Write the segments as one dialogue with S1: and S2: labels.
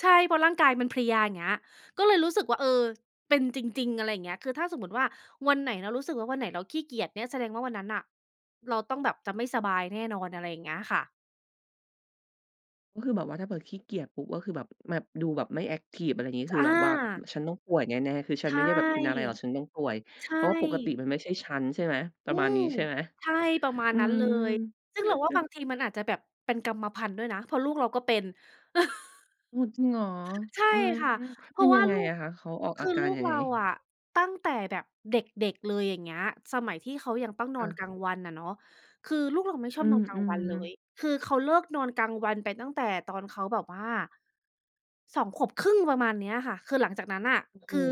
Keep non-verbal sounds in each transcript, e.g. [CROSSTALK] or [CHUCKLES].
S1: ใช่ เพราะร่างกายมันเพลีย อย่างเงี้ย ก็เลยรู้สึกว่า เออ เป็นจริง ๆ อะไรอย่างเงี้ย คือถ้าสมมุติว่าวันไหนเรารู้สึกว่า วันไหนเราขี้เกียจเนี่ยแสดงว่าวันนั้นน่ะเราต้องแบบจะไม่สบายแน่นอน อะไรอย่างเงี้ยค่ะ
S2: ก็คือแบบว่าถ้าเปิดขี้เกียจปุ๊บ ก็คือแบบ แบบ ดูแบบไม่แอ็กทิฟ อะไรอย่างนี้
S1: จ
S2: คื
S1: อ
S2: อแบบว่า
S1: า
S2: "ฉันต้องป่วยแน่ ๆ คือฉั
S1: ใช
S2: นไม
S1: ่
S2: ่ได้แบบเป็นอะไรหรอก ฉันต้องป่วย
S1: ใช
S2: เพราะปกติ
S1: ่
S2: มันไม่ใช่ฉัน" ใช่ไหม ป
S1: อ
S2: ร
S1: ื
S2: ะมาณน
S1: ม
S2: ี้ใช่ไหม?
S1: ใช่ ประมาณ
S2: อื
S1: นั้น
S2: ม
S1: เลย ซึ่งเราว่าบา
S2: [CHUCKLES]
S1: งทีมันอาจจะแบบเป็นกรรมพันธุ์ด้วยนะ เพราะลูกเราก็เป็น [CHUCKLES]
S2: อืม จริงเหรอ
S1: ใช่
S2: อืม
S1: ค่ะ เพ
S2: เป
S1: รา
S2: ็น
S1: ะ ว
S2: ย
S1: ่
S2: ั
S1: า
S2: งไง
S1: ลู
S2: อ
S1: ก
S2: ะคะ เขาออก
S1: ค
S2: อ
S1: ื
S2: า
S1: อ
S2: กา
S1: ลู
S2: ร
S1: ก
S2: ยัง
S1: เ
S2: ไ
S1: ร
S2: ง?
S1: าอะ ตั้งแต่แบบเด็ก ๆ เลย อย่างเงี้ย สมัยที่เขายังต้องน
S2: ค
S1: อ
S2: ่
S1: น
S2: ะ
S1: กลางวันอะเนาะ คือลูกเราไม่ช
S2: อ
S1: อ
S2: ื
S1: บนอนกลางวันเ
S2: อ
S1: ลย
S2: ๆ
S1: คือเขาเลิกนอนกลางวันไปตั้งแต่ตอนเขาแบบว่า 2 ขวบครึ่ง ประมาณเนี้ยค่ะ คือหลังจากนั้นน่ะ
S2: โอ้โ
S1: ค
S2: ฮ
S1: ือ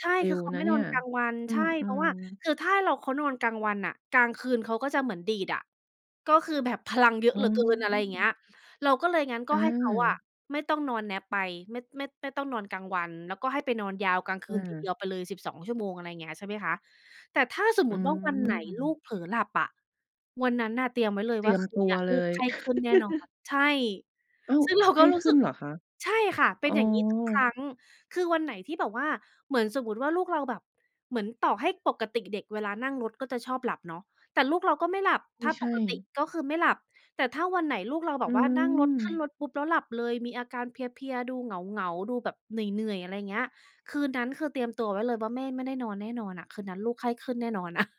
S1: ใช่
S2: เร็
S1: คือ
S2: ว
S1: เขา
S2: น
S1: ไ
S2: ะ
S1: ม่
S2: เน
S1: น
S2: ี่
S1: อ
S2: ย
S1: นกลางวัน
S2: อื
S1: ใช่ เพราะ
S2: ม
S1: ว่า
S2: ๆ
S1: คือถ้าเรา เขานอนกลางวันน่ะ กลางคืนเขาก็จะเหมือนดีดอะ ก็คือแบบพลังเยอ
S2: โ
S1: ะ
S2: อ
S1: เ
S2: ้
S1: หลือเกิน อะไรอย่างเงี้ย เราก็เลย งั้นก
S2: อ
S1: ็ให้เขาอะ
S2: า
S1: ไม่ต้องนอน nap ไป ไม่ ไม่ ไม่ต้องนอนกลางวัน แล้วก็ให้ไปนอนยาวกลางคื
S2: อ
S1: นทีเดี
S2: า
S1: ยวไปเลย 12 ชั่วโมง อะไรอย่างเงี้ย ใช่ไหมคะ แต่ถ้าสม
S2: อ
S1: ม
S2: ื
S1: ุติว่า วันไหนลูก
S2: ม
S1: เผลอหลับอะ วันนั้นน่ะเตรียมไว้เลย
S2: เตร
S1: ว่
S2: ี
S1: า
S2: ยม
S1: คื
S2: ต
S1: น
S2: ั
S1: เน
S2: ว
S1: ี้ย
S2: เ
S1: ล
S2: ล
S1: ูก
S2: ย
S1: ไข้ขึ้นแน่นอน
S2: [CHUCKLES]
S1: ใช่
S2: อ้าว
S1: ซึ่งเรา
S2: ไข
S1: ก็
S2: ้
S1: รู้
S2: ขึ
S1: ส
S2: ้
S1: ึ
S2: น
S1: ก
S2: เหรอคะ?
S1: ใช่ค่ะ เป
S2: อ
S1: ็น
S2: ๋อ
S1: อย่างนี้ทุกครั้ง คือวันไหนที่แบบว่าเหมือน สมมติว่าลูกเราแบบ เหมือน ต่อให้ปกติเด็กเวลานั่งรถก็จะชอบหลับเนาะ แต่ลูกเราก็ไม่หลับ
S2: ไม
S1: ถ้
S2: ่
S1: า
S2: ใช
S1: ป
S2: ่
S1: กติก็คือไม่หลับ แต่ถ้าวันไหนลูกเราแบ
S2: อื
S1: บว่านั่งรถ ขึ้น
S2: ม
S1: รถปุ๊บ แล้วหลับเลย มีอาการเพลีย ๆ ดูเหงา ๆ ดูแบบเหนื่อย ๆ อะไรอย่างเงี้ย คืนนั้นคือเตรียมตัวไว้เลยว่าแม่ไม่ได้นอนแน่นอนอะ คืนนั้นลูกไข้ขึ้นแน่นอนอะ [CHUCKLES]